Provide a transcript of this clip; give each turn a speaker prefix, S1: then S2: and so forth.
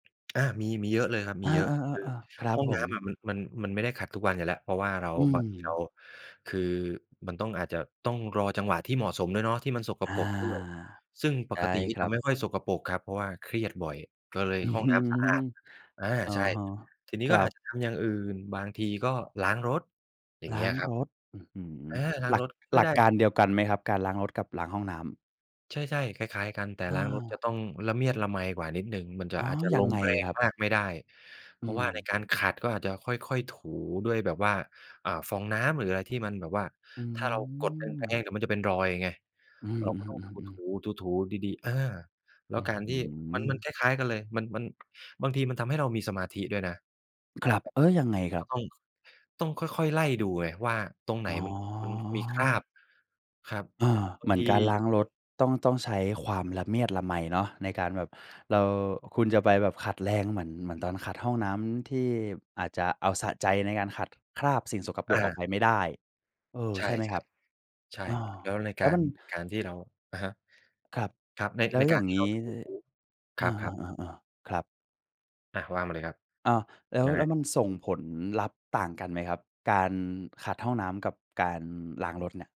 S1: อา มี มีเยอะเลยครับ ม
S2: อ
S1: ี
S2: า
S1: เยอะ คือ
S2: ๆ ๆ ๆ ครับ
S1: ห้อง
S2: ผ
S1: น้
S2: ม
S1: ำอะมัน มัน มันไม่ได้ขัดทุกวันอยู่แล้ว เพราะว่าเรา
S2: อื
S1: บางทีเร
S2: ม
S1: า คือมันต้อง อาจจะต้องรอจังหวะที่เหมาะสมด้วยเนาะ ที่มันสก
S2: อา
S1: ปรกด้วย ซึ่งป
S2: ใช่
S1: กตินี
S2: ค
S1: ่จ
S2: รั
S1: ะ
S2: บ
S1: ไม่ค่อยสกปรกครับ เพราะว่าเครียดบ่อย ก็เลย
S2: อื้
S1: ห
S2: อ
S1: ้อง
S2: ฮ
S1: น
S2: ื
S1: ้ำสะอา
S2: อ
S1: ด อา
S2: อ๋อ
S1: ใช่ ทีนี้
S2: ค
S1: ก
S2: ร
S1: ็
S2: ั
S1: อาจ
S2: บ
S1: จะทำอย่างอื่น บางทีก็ล้างรถ อย่าง
S2: ล
S1: เง
S2: ้
S1: ี
S2: า
S1: ้ย
S2: ง
S1: ครั
S2: ร
S1: บ
S2: ถ อื้อฮือ
S1: อา ล้า
S2: ห
S1: ง
S2: ลั
S1: ร
S2: ก
S1: ถช่ว
S2: หล
S1: ย
S2: ั
S1: ได
S2: ก
S1: ้
S2: การเดียวกันไหมครับ การล้างรถกับล้างห้องน้ำ?
S1: ใช่ ๆ คล้าย ๆ กัน แต่
S2: อ
S1: ล้างรถจะ
S2: า
S1: ต้องละเมียดละไมกว่านิดหนึ่ง มันจะ
S2: อ๋อ
S1: อาจจะ
S2: ยั
S1: ล
S2: ง
S1: ง
S2: ไง
S1: แร
S2: ค
S1: ง
S2: รับ?
S1: มากไม่ได้ เพ
S2: อื
S1: ราะว่าใน
S2: อ
S1: การขัด ก็อาจจะค่อย ๆ ถูด้วยแบบว่า อ่า ฟองน้ำ หรืออะไรที่มันแบบว่า
S2: อื
S1: ถ้าเรากดแร
S2: ม
S1: ง ๆ เดี๋ยวมันจะเป็นรอยไง
S2: อื
S1: เราก็ต้องถ
S2: อ
S1: ู
S2: ๆ ๆ ๆ
S1: ๆ ถู ๆ ดี ๆ อา แล้
S2: อื
S1: ว
S2: ้อ
S1: การ
S2: ฮ
S1: ท
S2: ื
S1: ี่ มัน มัน
S2: อ
S1: คล้าย ๆ กันเลย มัน มัน บางทีมันทำให้เรามีสมาธิด้วยนะ
S2: ครับ
S1: แบบ
S2: เออ ยังไงคร
S1: ก
S2: ั
S1: ็
S2: บ?
S1: ต้อง ต้องค่อย ๆ ไล่ดูไงว่าตรงไหน
S2: อ๋
S1: มัน มันมีครา
S2: อ
S1: บ ครับ
S2: เออ
S1: บา
S2: เห
S1: ง
S2: มื
S1: ท
S2: อน
S1: ี
S2: การล้าง
S1: เ
S2: ร
S1: ดี๋ย
S2: ถ
S1: ว
S2: ต้อง ต้องใช้
S1: อือฮึ
S2: ความละเมียดละไมเนาะในการแบบ เรา คุณจะไปแบบขัดแรงเหมือน เหมือนตอนขัดห้องน้ำที่อาจจะเอาสะใจในการขัดคราบสิ่งสกปร
S1: อ
S2: กออ
S1: า
S2: กไปไม่ได้ เออ
S1: ใช
S2: ใ
S1: ่
S2: ช่ไหมครับ?
S1: ๆ ใช่
S2: อา
S1: แล้วใน
S2: แ
S1: ก
S2: ล้
S1: า
S2: ว
S1: ร
S2: มัน
S1: ในการที่เรา อะฮะ
S2: ครับ
S1: ครับ ใน
S2: แล้
S1: ใน
S2: ว
S1: ก
S2: อย่
S1: าร
S2: าง
S1: ที่
S2: ง
S1: เร
S2: ี
S1: า
S2: ้
S1: ถู
S2: ด
S1: ค
S2: อ
S1: รับ ๆ
S2: า ๆ ๆ ๆ ครับ
S1: อา ว่ามาเลยครับ
S2: อ้าว แล้ว
S1: ยังไ
S2: แล้ว
S1: ง?
S2: มันส่งผลลัพธ์ต่างกันไหมครับ? การขัดห้องน้ำกับการล้างรถเนี่ย